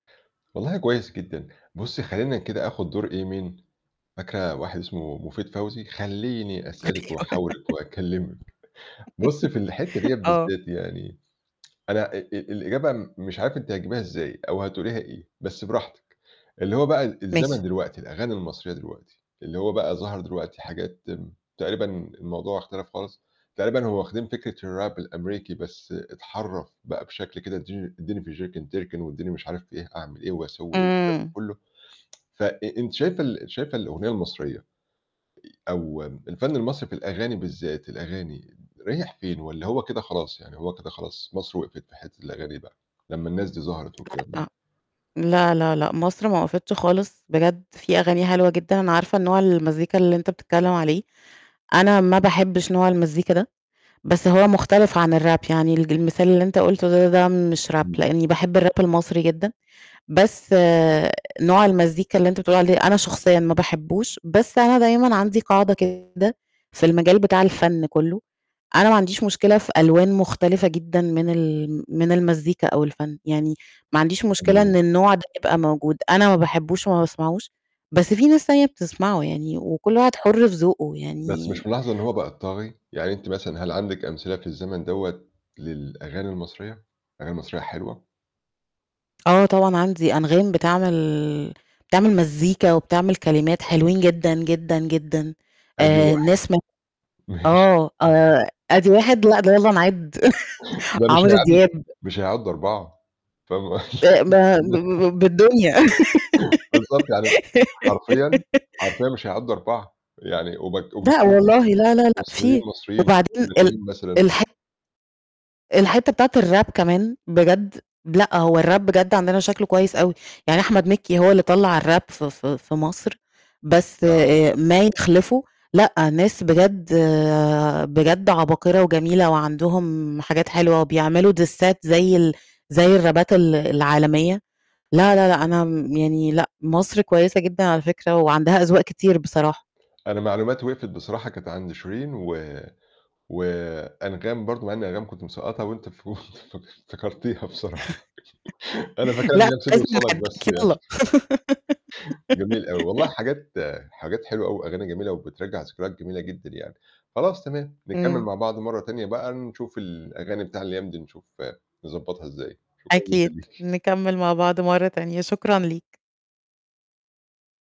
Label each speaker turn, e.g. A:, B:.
A: والله كويس جدًا. بُصي، خلّيني كده آخذ دُور إيه مين، فاكرة واحد اسمه مفيد فوزي، خلّيني أسألِك
B: أيوه
A: وأحاورِك وأكلمِك، بُصي، في الحتّة ديّة
B: .آه
A: بالذات يعني، أنا آآ الإجابة مش عارف أنتِ هتجيبيها إزاي أو هتقوليها إيه بس براحتِك. اللي هو بقى ال الزمن
B: ماشي.
A: دلوقتي الأغاني المصرية دلوقتي، اللي هو بقى ظَهَر دلوقتي حاجات تقريبًا الموضوع اختلف خالص، تقريبًا هو واخدين فكرة الrap الأمريكي بس اتحرَّف بقى بشكل كده ادِّي ادِّيني في الچركن تركِن وادِّيني مش عارف في إيه أعمل إيه وأسوي إيه و الكلام ده
B: إمم.
A: كلّه، ف أ أنتِ شايفة ال شايفة الأغنية المصرية أو الفن المصري في الأغاني بالذات الأغاني، رايح فين والّا هو كده خلاص، يعني هو كده خلاص مَصر وِقفِت في حتّة الأغاني بقى لمّا الناس دي ظَهرت والكلام ده؟
B: [unintelligible] لا، لا، لأ، مصر ما وقفِتش خالص، بجد فيه أغاني حلوة جدًا، أنا عارفة نوع المزيكا، اللي أنت بتتكلم عليه. أنا ما باحبش نوع المزيكا ده. بس هو مختلف عن الrap يعني الج المثال اللي أنت قلته د ده مش rap،
A: إمم.
B: لأني باحب الrap المصري جدًا، بس نوع المزيكا اللي أنت بتقول عليه أنا شخصيًا ما باحبوش، بس أنا دايمًا عندي قاعدة كده في المجال بتاع الفن كُلّه، أنا ما عنديش مشكلة في ألوان مختلفة جدًا من ال من المزيكا أو الفن، يعني ما عنديش مشكلة
A: إمم.
B: إن النوع ده يبقى موجود، أنا ما باحبوش وما باسمعوش، بس فيه ناس تانية بتسمعه، يعني وكل واحد حُر في ذوقه
A: بس
B: يعني
A: مش ملاحظة إن هو بقى الطاغي؟ يعني أنتِ مثلًا هل عندِك أمثلة في الزمن دوّة للأغاني المصرية، أغاني مصرية حلوة؟
B: آه، طبعًا عندي أنغام بتعمل بتعمل مزيكا وبتعمل كلمات حلوين جدًا، جدًا، جدًا،
A: أَدِي
B: آآ
A: واحد.
B: ناس مو
A: ماشي
B: آه، آآ أَدِي 1 لأ، ده يالّا نِعدّ
A: ده مش
B: عمرو
A: هيعدّوا ت
B: دياب.
A: مش هيعدّوا 4. [unintelligible]
B: أ ب ه ب ب بالدنيا.
A: بالضبط يعني حرفيًا حرفيًا مش هيعدّوا 4، يعني وبك
B: لأ
A: [unintelligible]
B: والله لا، لا، لأ،
A: مصريين،
B: فيه.
A: مصريين
B: وبعدين ال
A: [unintelligible] مثلًا.
B: الح الحتّة بتاعة الrap كمان بجد. لأ، هو الrap بجد، عندنا شكله كويس أوي، يعني أحمد مكي هو اللي طلَّع الrap ف ف في مَصر، بس
A: آه.
B: آآ ما يِخلِفه لأ، ناس بجد بجد عباقرة وجميلة وعندهُم حاجات حلوة، وبيعملوا ديسات زَي ال زَي الرابات ال العالمية. لا، لا، لأ أنا م يعني لأ، مَصر كويسة جدًا على فكرة وعندها أذواق كتير بصراحة.
A: أنا معلوماتي وِقفِت بصراحة كانت عند شيرين و وأنغام برضو مع إني أنغام كنت مسقطّها وأنتِ ف وأنتِ فك افتكرتيها بصراحة أنا فاكِرها إن
B: لأ
A: هي
B: [unintelligible]
A: بسيدي وصالَك بس يعني. جميل أوي. والله حاجات حاجات حلوة أوي وأغاني جميلة وبترجَّع ذكريات جميلة جدًا يعني. خلاص تمام، نكمِّل
B: إمم.
A: مع بعض مرّة تانية بقى، نشوف الأغاني بتاع الأيام دي، نشوف نضبطها إزاي. شكرًا جدًا
B: أكيد.
A: ليكِ
B: نكمِّل مع بعض مرّة تانية. شكرًا ليك.